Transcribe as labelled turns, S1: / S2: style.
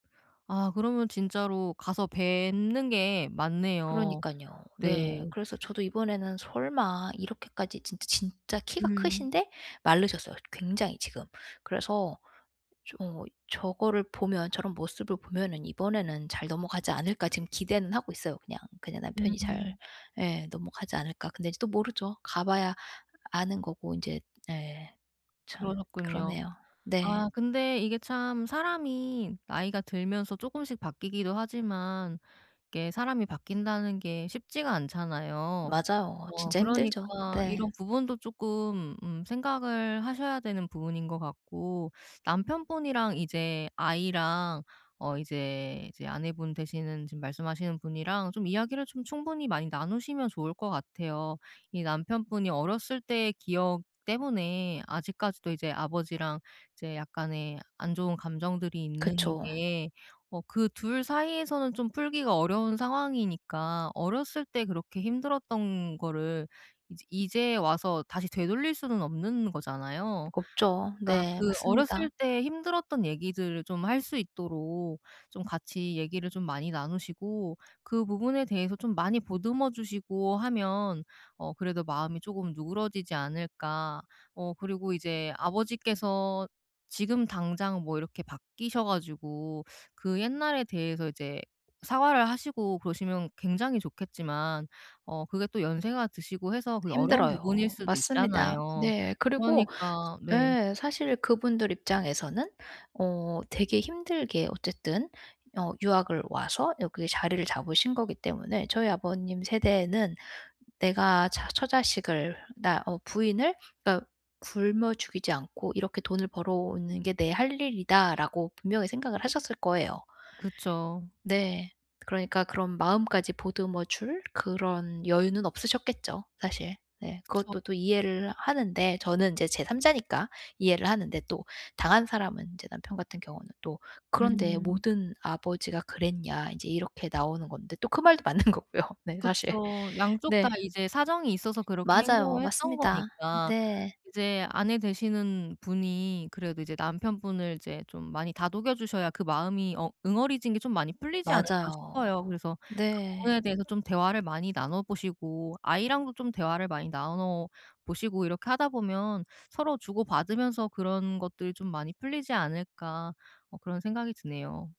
S1: 아 그러면 진짜로 가서 뵙는 게 맞네요.
S2: 그러니깐요.
S1: 네.
S2: 네. 그래서 저도 이번에는 설마 이렇게까지 진짜 진짜 키가
S1: 음.
S2: 크신데 마르셨어요, 굉장히 지금. 그래서 좀 어 저거를 보면 저런 모습을 보면은 '이번에는 잘 넘어가지 않을까.' 지금 기대는 하고 있어요 그냥. 그냥 남편이 잘
S1: 음음.
S2: 예. '넘어가지 않을까.' 근데 인제 또 모르죠. 가 봐야 아는 거고 인제 예. 참
S1: 그러셨군요.
S2: 그러네요. 네.
S1: 아 근데 이게 참 사람이 나이가 들면서 쪼끔씩 바뀌기도 하지만 이게 '사람이 바뀐다.'는 게 쉽지가 않잖아요.
S2: 맞아요.
S1: 어.
S2: 진짜 힘들죠.
S1: 그러니까
S2: 네.
S1: 이런 부분도 쪼끔 음 생각을 하셔야 되는 부분인 것 같고 남편분이랑 이제 아이랑 어 이제, 이제 아내분 되시는 지금 말씀하시는 분이랑 좀 이야기를 좀 충분히 많이 나누시면 좋을 것 같아요. 이 남편분이 어렸을 때의 기억 때문에 아직까지도 이제 아버지랑 이제 약간의 안 좋은 감정들이 있는
S2: 그쵸.
S1: 게 어 그 2 사이에서는 좀 풀기가 어려운 상황이니까 어렸을 때 그렇게 힘들었던 거를 이제 이제 와서 다시 되돌릴 수는 없는 거잖아요.
S2: 없죠.
S1: 그러니까
S2: 네
S1: 그 어렸을
S2: 맞습니다.
S1: 때 힘들었던 얘기들을 좀 할 수 있도록 좀 같이 얘기를 좀 많이 나누시고 그 부분에 대해서 좀 많이 보듬어 주시고 하면 어 그래도 마음이 쪼금 누그러지지 않을까. 어 그리고 이제 아버지께서 지금 당장 뭐 이렇게 바뀌셔 가지고 그 옛날에 대해서 이제 사과를 하시고 그러시면 굉장히 좋겠지만 어 그게 또 연세가 드시고 해서 그게 어려운 부분일
S2: 힘들어요.
S1: 수도
S2: 맞습니다.
S1: 있잖아요.
S2: 네. 그리고
S1: 그러니까
S2: 저
S1: 네.
S2: 예. 사실 그분들 입장에서는 어 되게 힘들게 어쨌든 어 유학을 와서 여기에 자리를 잡으신 거기 때문에 저희 아버님 세대에는 '내가 자 처자식을 나 어 부인을 딱 굶어 죽이지 않고 이렇게 돈을 벌어오는 게 내 할 일이다.'라고 분명히 생각을 하셨을 거예요.
S1: 그쵸.
S2: 네. 그러니까 그런 마음까지 보듬어 줄 그런 여유는 없으셨겠죠, 사실. 네.
S1: 그쵸.
S2: 그것도 또 이해를 하는데 저는 인제 제 3 자니까 이해를 하는데 또 당한 사람은 인제 남편 같은 경우는 또 "그런데
S1: 음.
S2: 모든 아버지가 그랬냐." 인제 이렇게 나오는 건데 또 그 말도 맞는 거고요 네 사실.
S1: 그쵸. 양쪽 다
S2: 네.
S1: 이제 사정이 있어서 그렇게
S2: 맞아요.
S1: 행동을 했던
S2: 맞습니다.
S1: 거니까
S2: 네.
S1: 이제 아내 되시는 분이 그래도 이제 남편분을 이제 좀 많이 다독여 주셔야 그 마음이 어 '응어리진 게 좀 많이 풀리지 않을까.'
S2: 맞아요.
S1: 싶어요. 그래서 그 부분에
S2: 네.
S1: 대해서 좀 대화를 많이 나눠 보시고 아이랑도 좀 대화를 많이 나눠 보시고 이렇게 하다 보면 서로 주고받으면서 그런 것들이 좀 많이 풀리지 않을까 뭐 그런 생각이 드네요.